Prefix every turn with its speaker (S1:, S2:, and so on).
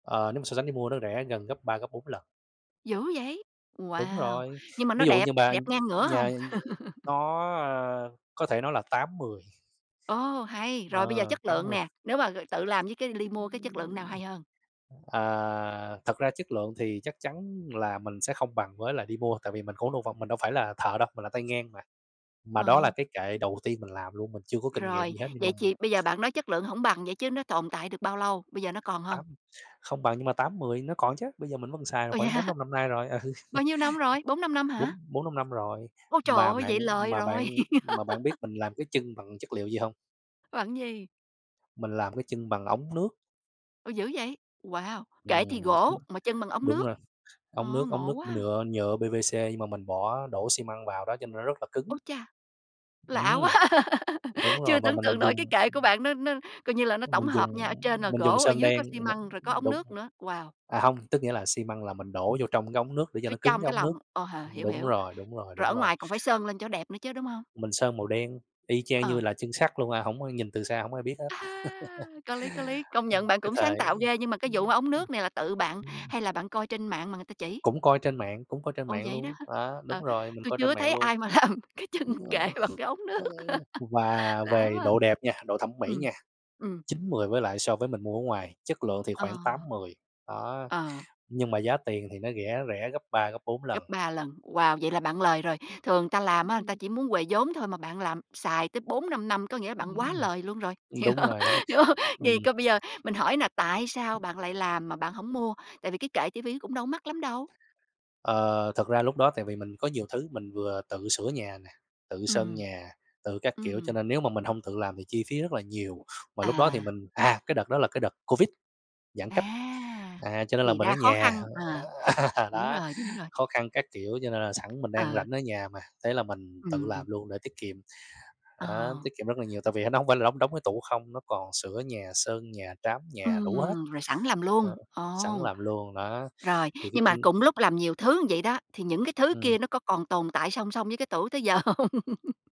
S1: Ờ, nếu mà so sánh đi mua nó rẻ gần gấp 3, gấp 4 lần.
S2: Dữ vậy!
S1: Đúng
S2: Wow!
S1: rồi.
S2: Nhưng mà
S1: Ví
S2: nó
S1: dụ
S2: đẹp
S1: như mà
S2: đẹp ngang ngửa
S1: nhà
S2: hông?
S1: nó, ơ có thể nó là 8/10.
S2: Ồ, hay, rồi bây giờ
S1: Ờ,
S2: chất
S1: tám
S2: lượng
S1: mười.
S2: nè, nếu mà, ờ, tự làm với cái ly mua cái chất lượng nào hay hơn?
S1: À, thật ra chất lượng thì chắc chắn là mình sẽ không bằng với là đi mua, tại vì mình [unintelligible] mình đâu phải là thợ đâu, mình là tay ngang mà. Mà đó là
S2: Ờ.
S1: cái kệ đầu tiên mình làm luôn, mình chưa có kinh nghiệm
S2: Rồi,
S1: gì hết, nhưng mà
S2: vậy chì bây giờ bạn nói chất lượng hổng bằng vậy chứ nó tồn tại được bao lâu, bây giờ nó còn hông?
S1: Tám không bằng nhưng mà 8/10 nó còn chứ, bây giờ mình vẫn còn xài độ
S2: Ồ, vậy
S1: khoảng
S2: hả?
S1: 4-5 năm nay rồi.
S2: Bao nhiêu năm rồi? 4-5 năm hả?
S1: Bốn bốn, năm năm rồi,
S2: Ôi trời
S1: mà
S2: ơi, vậy
S1: bạn
S2: lời
S1: mà
S2: rồi!
S1: bạn mà bạn biết mình làm cái chân bằng chất liệu gì hông?
S2: Bằng cái gì?
S1: Mình làm cái chân bằng ống nước.
S2: Ôi, dữ vậy? Wow. Kệ thì
S1: Ừm,
S2: gỗ mà chân bằng ống
S1: đúng
S2: nước.
S1: rồi, ống
S2: Ờ,
S1: nước ống
S2: ngộ
S1: nước
S2: quá!
S1: nhựa nhựa PVC, nhưng mà mình bỏ đổ xi măng vào đó, cho nên nó rất là
S2: Ô
S1: cứng.
S2: cha! Lạ quá,
S1: Ừm. Đúng rồi,
S2: chưa
S1: mà
S2: tưởng tượng
S1: mình
S2: nổi cái
S1: dùng
S2: kệ của bạn nó nó coi như là nó
S1: Ưm,
S2: tổng
S1: mình dùng
S2: hợp nha, ở trên là
S1: mình dùng
S2: gỗ, ở
S1: sơn
S2: dưới có
S1: đen,
S2: xi
S1: m
S2: măng, rồi có ống
S1: đúng.
S2: nước nữa. Wow.
S1: À, hông, tức nghĩa là xi măng là mình đổ vô trong cái ống nước để cho
S2: Phía
S1: nó cứng
S2: trong
S1: cái
S2: cái
S1: ống nước
S2: lòng, ồ, h
S1: ưm,
S2: hiểu,
S1: đúng
S2: hiểu,
S1: rồi, đúng rồi,
S2: rồi
S1: đúng
S2: ở
S1: rồi.
S2: ngoài còn phải sơn lên cho nó đẹp nữa chứ, đúng hông?
S1: Mình sơn màu đen, y chang như
S2: Ờ.
S1: là chân sắt luôn à, hổng có nhìn từ xa hổng ai biết hết.
S2: À ha! Có lý, có lý, công nhận bạn
S1: Cái
S2: cũng sáng
S1: thời
S2: tạo ghê, nhưng mà cái vụ mà ống nước này là tự bạn, hay là bạn coi trên mạng mà người ta chỉ?
S1: Cũng coi trên mạng cũng coi trên
S2: Ồ,
S1: mạng
S2: vậy đó
S1: luôn
S2: ha.
S1: đó,
S2: Ờ,
S1: đúng rồi, mình
S2: tui
S1: coi
S2: chưa
S1: trên
S2: có
S1: mạng
S2: thấy
S1: luôn.
S2: ai mà làm cái chân kệ bằng cái ống nước.
S1: Và
S2: Lạ
S1: về
S2: quá à.
S1: độ đẹp nha, độ thẩm mỹ
S2: Ừm,
S1: nha,
S2: ừm.
S1: 9/10 với lại so với mình mua ở ngoài, chất lượng thì khoảng tám
S2: Ờ.
S1: mười, đó,
S2: Ờ.
S1: nhưng mà giá tiền thì nó rẻ rẻ gấp 3, gấp 4 lần.
S2: Gấp 3 lần, wow, vậy là bạn lời rồi. Thường người ta làm á, người ta chỉ muốn huề vốn thôi mà bạn làm xài tới 4-5 năm, có nghĩa
S1: Ưm,
S2: bạn quá lời
S1: ưm.
S2: luôn rồi. Hiểu
S1: Đúng
S2: hông?
S1: rồi, đúng rồi,
S2: Hiểu hông?
S1: ừm.
S2: Thì coi bây giờ mình hỏi nè, tại sao bạn lại làm mà bạn hổng mua, tại vì cái kệ chi phí nó cũng đâu có mắc lắm đâu?
S1: Ờ, thật ra lúc đó tại vì mình có nhiều thứ, mình vừa tự sửa nhà nè, tự sơn
S2: Ừm.
S1: nhà, tự các kiểu, cho
S2: Ừm.
S1: nên nếu mà mình hông tự làm thì chi phí rất là nhiều, mà lúc đó thì
S2: À.
S1: mình à, cái đợt đó là cái đợt Covid, giãn
S2: À.
S1: cách, à, cho nên là
S2: Thì
S1: mình ở
S2: ra khó
S1: nhà,
S2: khăn, ờ,
S1: ờ,
S2: đúng
S1: đó,
S2: rồi, đúng rồi.
S1: khó khăn các kiểu, cho nên là sẵn mình đang
S2: Ờ.
S1: rảnh ở nhà mà, thế là mình tự
S2: Ừm.
S1: làm luôn để tiết kiệm,
S2: Ờ.
S1: á, tiết kiệm rất là nhiều tại vì nó nóng phải là đóng đóng cái tủ không, nó còn sửa nhà, sơn nhà, trám nhà đủ hết,
S2: Ừm, rồi sẵn làm
S1: ờ,
S2: luôn,
S1: sẵn
S2: ồ.
S1: làm luôn đó.
S2: Rồi,
S1: Thì cái
S2: nhưng mà
S1: kinh
S2: cùng lúc làm nhiều thứ vậy đó, thì những cái thứ
S1: Ừm.
S2: kia nó có còn tồn tại song song với cái tủ tới giờ hông?